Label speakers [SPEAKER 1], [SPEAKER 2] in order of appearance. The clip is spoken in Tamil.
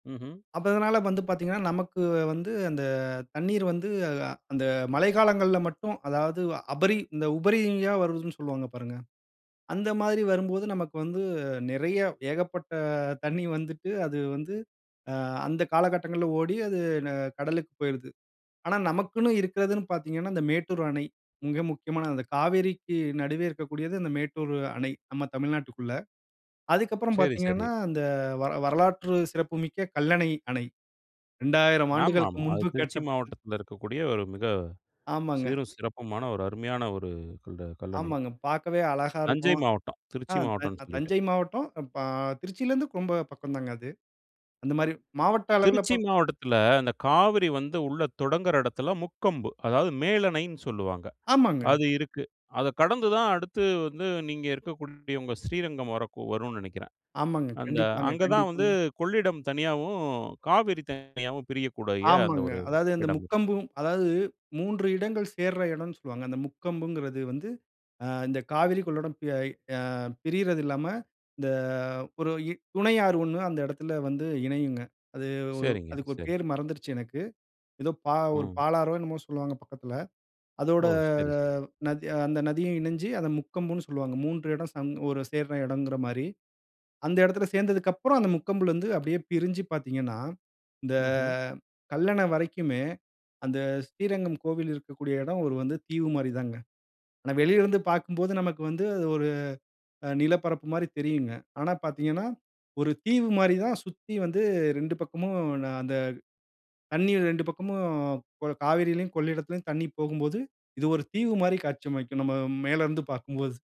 [SPEAKER 1] ம்ஹ்ம்.
[SPEAKER 2] அப்ப இதனால வந்து பார்த்தீங்கனா, நமக்கு வந்து அந்த தண்ணீர் வந்து அ அந்த மழைக்காலங்கள்ல மட்டும் அதாவது, அபரி இந்த உபரியா வருதுன்னு சொல்லுவாங்க பாருங்க. அந்த மாதிரி வரும்போது நமக்கு வந்து நெறைய ஏகப்பட்ட தண்ணி வந்துட்டு, அது வந்து அ அந்த காலகட்டங்கள்ல ஓடி, அது ந கடலுக்கு போயுருது. ஆனா, நமக்குன்னு இருக்கிறதுன்னு பார்த்தீங்கன்னா, அந்த மேட்டூர் அணை. மிக முக்கியமான அந்த காவிரிக்கு நடுவே இருக்கக்கூடியது அந்த மேட்டூர் அணை, நம்ம தமிழ்நாட்டுக்குள்ள. அதுக்கப்புறம்
[SPEAKER 1] செரி,
[SPEAKER 2] பார்த்தீங்கனா,
[SPEAKER 1] சரி.
[SPEAKER 2] அந்த வர வரலாற்று சிறப்புமிக்க கல்லணை அணை. 2000
[SPEAKER 1] ஆமா,
[SPEAKER 2] ஆண்டுகளுக்கு
[SPEAKER 1] ஆமா. அது
[SPEAKER 2] முன்பு
[SPEAKER 1] திருச்சி
[SPEAKER 2] கட்டப்பட்டது.
[SPEAKER 1] மாவட்டத்தில இருக்கக்கூடிய ஒரு மிக
[SPEAKER 2] ஆமாங்க.
[SPEAKER 1] சீரும் சிறப்புமான ஒரு அருமையான ஒரு இந்த கல்லணை.
[SPEAKER 2] ஆமாங்க, பார்க்கவே அழகா
[SPEAKER 1] தஞ்சை
[SPEAKER 2] இருக்கும்.
[SPEAKER 1] மாவட்டம்,
[SPEAKER 2] அ
[SPEAKER 1] திருச்சி
[SPEAKER 2] த
[SPEAKER 1] மாவட்டம்ன்னு சொல்லிட்டேன்.
[SPEAKER 2] தஞ்சை மாவட்டம், பா திருச்சியிலருந்து ரொம்ப பக்கம்தாங்க அது. அந்த மாரி மாவட்ட அளவில
[SPEAKER 1] திருச்சி
[SPEAKER 2] பா
[SPEAKER 1] மாவட்டத்தில, அந்த காவிரி வந்து உள்ள தொடங்குற இடத்துல முக்கொம்பு. அதாவது, மேலணைன்னு சொல்லுவாங்க,
[SPEAKER 2] ஆமாங்க.
[SPEAKER 1] அது இருக்கு. அத கடந்துதான் அடுத்து வந்து நீங்க இருக்கக்கூடிய உங்க ஸ்ரீரங்கம் வரக்கு வரும்னு நெனைக்கிறேன்.
[SPEAKER 2] ஆமாங்க.
[SPEAKER 1] அந்த,
[SPEAKER 2] கண்டிப்பாங்க,
[SPEAKER 1] அங்க தான் வந்து
[SPEAKER 2] கண்டிப்பாங்க.
[SPEAKER 1] கொள்ளிடம் தனியாவும், காவிரி தனியாவும் பிரியக்கூடிய அந்த
[SPEAKER 2] ஆமாங்க.
[SPEAKER 1] ஒரு
[SPEAKER 2] அதாவது அந்த
[SPEAKER 1] இடம் இருக்கு.
[SPEAKER 2] முக்கொம்பு. அதாவது, 3 இடங்கள் சேர்ற இடம்ன்னு சொல்லுவாங்க. அந்த முக்கொம்புங்கறது வந்து அ இந்த காவிரி கொள்ளடம், ப் யய் அ பிரியறது இல்லாம, இந்த ஒரு இ துணை ஆறு 1 அந்த இடத்தில வந்து இணையுங்க. அது ஒரு
[SPEAKER 1] சரிங்க,
[SPEAKER 2] அதுக்கு ஒரு
[SPEAKER 1] சரி.
[SPEAKER 2] பேரு மறந்திருச்சு எனக்கு. எதோ பா ஒரு
[SPEAKER 1] ம்.
[SPEAKER 2] பாலாறோ? என்னமோ சொல்லுவாங்க பக்கத்தில.
[SPEAKER 1] ஓ!
[SPEAKER 2] அதோட
[SPEAKER 1] சரி, சரி.
[SPEAKER 2] நதி, அந்த நதியும் இணைஞ்சு அத முக்கொம்புன்னு சொல்லுவாங்க. 3 இடம் சம் ஒரு சேர்ற எடம்ங்கிற மாரி. அந்த எடத்தில சேர்ந்ததற்கப்புறம் அந்த முக்கொம்பிலருந்து அப்டியே பிரிஞ்சு பார்த்தீங்கன்னா, இந்த
[SPEAKER 1] ம்ஹ்ம்.
[SPEAKER 2] கல்லணை வரைக்குமே, அந்த ஸ்ரீரங்கம் கோவில் இருக்கக்கூடிய இடம் ஒரு வந்து தீவு மாரி தாங்க. ஆனா, வெளியில இருந்து பார்க்கும்போது நமக்கு வந்து அது ஒரு அ நிலப்பரப்பு மாரி தெரியுங்க. ஆனா, பார்த்தீங்கனா ஒரு தீவு மாரி தான் சுத்தி வந்து 2 பக்கமும் ந அந்த தண்ணீர் 2 பக்கமும் கொ காவிரியிலும், கொள்ளிடத்திலும் தண்ணி போகும்போது, இது ஒரு தீவு மாரி காட்சியமைக்கும் நம்ம மேலருந்து பார்க்கும்போது.